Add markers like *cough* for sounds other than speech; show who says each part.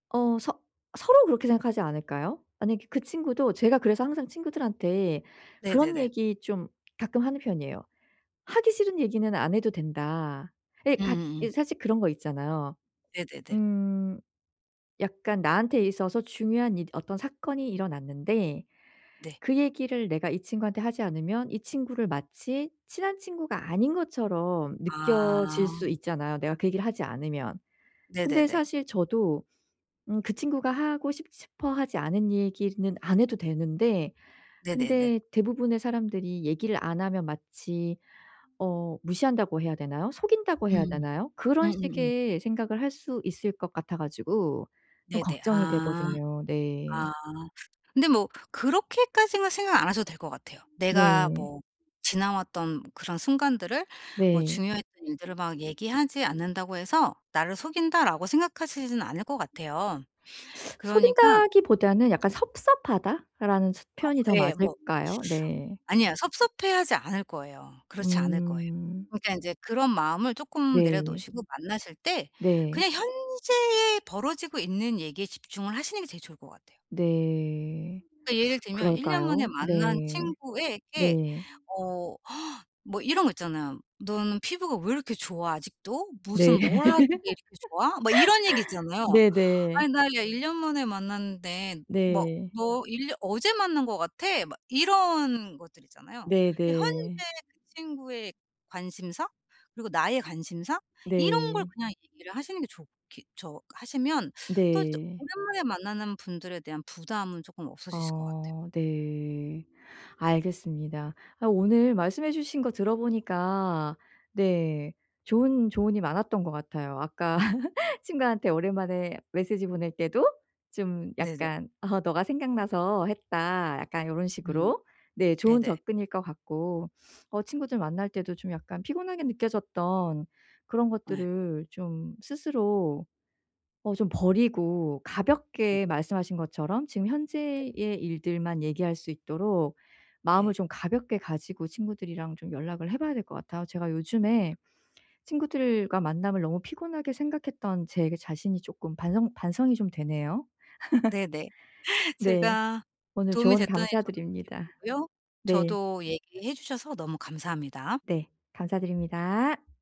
Speaker 1: 어. 서 서로 그렇게 생각하지 않을까요? 아니 그 그 친구도 제가 그래서 항상 친구들한테 그런
Speaker 2: 네네네.
Speaker 1: 얘기 좀 가끔 하는 편이에요. "하기 싫은 얘기는 안 해도 된다." 예 같
Speaker 2: 음음음.
Speaker 1: 이제 사실 그런 거 있잖아요.
Speaker 2: 네네네.
Speaker 1: 음. 약간 나한테 있어서 중요한 이 어떤 사건이 일어났는데
Speaker 2: 네.
Speaker 1: 그 얘기를 내가 이 친구한테 하지 않으면 이 친구를 마치 친한 친구가 아닌 것처럼 느껴질
Speaker 2: 아.
Speaker 1: 수 있잖아요 내가 그 얘기를 하지 않으면. 근데
Speaker 2: 네네네.
Speaker 1: 사실 저도 음 그 친구가 하고 싶 싶어 하지 않은 얘기는 안 해도 되는데
Speaker 2: 네네네.
Speaker 1: 근데 대부분의 사람들이 얘기를 안 하면 마치 어 무시한다고 해야 되나요? 속인다고 해야
Speaker 2: 음.
Speaker 1: 되나요? 그런
Speaker 2: 음음음.
Speaker 1: 식의 생각을 할 수 있을 것 같아 가지고 좀
Speaker 2: 네네.
Speaker 1: 걱정이
Speaker 2: 아.
Speaker 1: 되거든요. 네.
Speaker 2: 아. 근데 뭐 그렇게까지는 생각 안 하셔도 될 것 같아요. 내가
Speaker 1: 네.
Speaker 2: 뭐 지나왔던 그런 순간들을 뭐
Speaker 1: 네.
Speaker 2: 중요했던 일들을 막 얘기하지 않는다고 해서 나를 속인다라고 생각하시지는 않을 것 같아요. 그러니까
Speaker 1: 속인다기보다는 약간 "섭섭하다."라는 스
Speaker 2: 어
Speaker 1: 표현이 더
Speaker 2: 예 뭐.
Speaker 1: 맞을까요? 네.
Speaker 2: 아니야. 섭섭해하지 않을 거예요. 그렇지 않을 거예요.
Speaker 1: 음.
Speaker 2: 그러니까 인제 그런 마음을 쪼끔 내려
Speaker 1: 네.
Speaker 2: 놓으시고 만나실 때
Speaker 1: 네.
Speaker 2: 그냥 현재에 벌어지고 있는 얘기에 집중을 하시는 게 제일 좋을 것 같아요.
Speaker 1: 네.
Speaker 2: 그러니까 예를 들면 1 년 만에
Speaker 1: 그럴까요?
Speaker 2: 만난
Speaker 1: 네.
Speaker 2: 친구에게
Speaker 1: 네.
Speaker 2: 어 *gasps* 뭐 이런 거 있잖아요. "너는 피부가 왜 이렇게 좋아 아직도? 무슨
Speaker 1: 네. *laughs*
Speaker 2: 뭘 하기에 이렇게 좋아?" 뭐 이런 얘기 있잖아요.
Speaker 1: 네네.
Speaker 2: "아니 나 이야 1 년 만에 만났는데 뭐
Speaker 1: 네.
Speaker 2: 너 1 년 어제 만난 거 같아." 막 이런 것들 있잖아요. 그 현재
Speaker 1: 네네.
Speaker 2: 그 친구의 관심사? 그리고 나의 관심사? 이런 걸
Speaker 1: 네.
Speaker 2: 그냥 얘기를 하시는 게 좋겠죠. 하시면 또 이제
Speaker 1: 네.
Speaker 2: 오랜만에 만나는 분들에 대한 부담은 쪼끔 없어지실 것 같아요.
Speaker 1: 아 네. 알겠습니다. 아 오늘 말씀해 주신 거 들어 보니까 네 좋은 조언이 많았던 것 같아요. 아까 *laughs* 친구한테 오랜만에 메시지 보낼 때도 좀
Speaker 2: 네네.
Speaker 1: 약간 *laughs* '너가 생각나서 했다.' 약간 요런
Speaker 2: 음.
Speaker 1: 식으로? 네 좋은
Speaker 2: 네네.
Speaker 1: 접근일 것 같고 어 친구들 만날 때도 좀 약간 피곤하게 느껴졌던 그런
Speaker 2: 예.
Speaker 1: 것들을 좀 스스로 어 좀 버리고
Speaker 2: *unintelligible*
Speaker 1: 가볍게 말씀하신 것처럼 지금
Speaker 2: 네.
Speaker 1: 현재의 일들만 얘기할 수 있도록 마음을
Speaker 2: 예.
Speaker 1: 좀 가볍게 가지고 친구들이랑 좀 연락을 해 봐야 될 것 같아요. 제가 요즘에 친구들과 만남을 너무 피곤하게 생각했던 제 자신이 쪼끔 반성 반성이 좀 되네요? *laughs*
Speaker 2: 네네.
Speaker 1: 네.
Speaker 2: 제가
Speaker 1: 오늘
Speaker 2: 도움이
Speaker 1: 조언
Speaker 2: 됐다니 저도
Speaker 1: 감사드립니다.
Speaker 2: 기쁘고요.
Speaker 1: 네.
Speaker 2: 저도 얘기해 주셔서 너무 감사합니다.
Speaker 1: 네. 감사드립니다.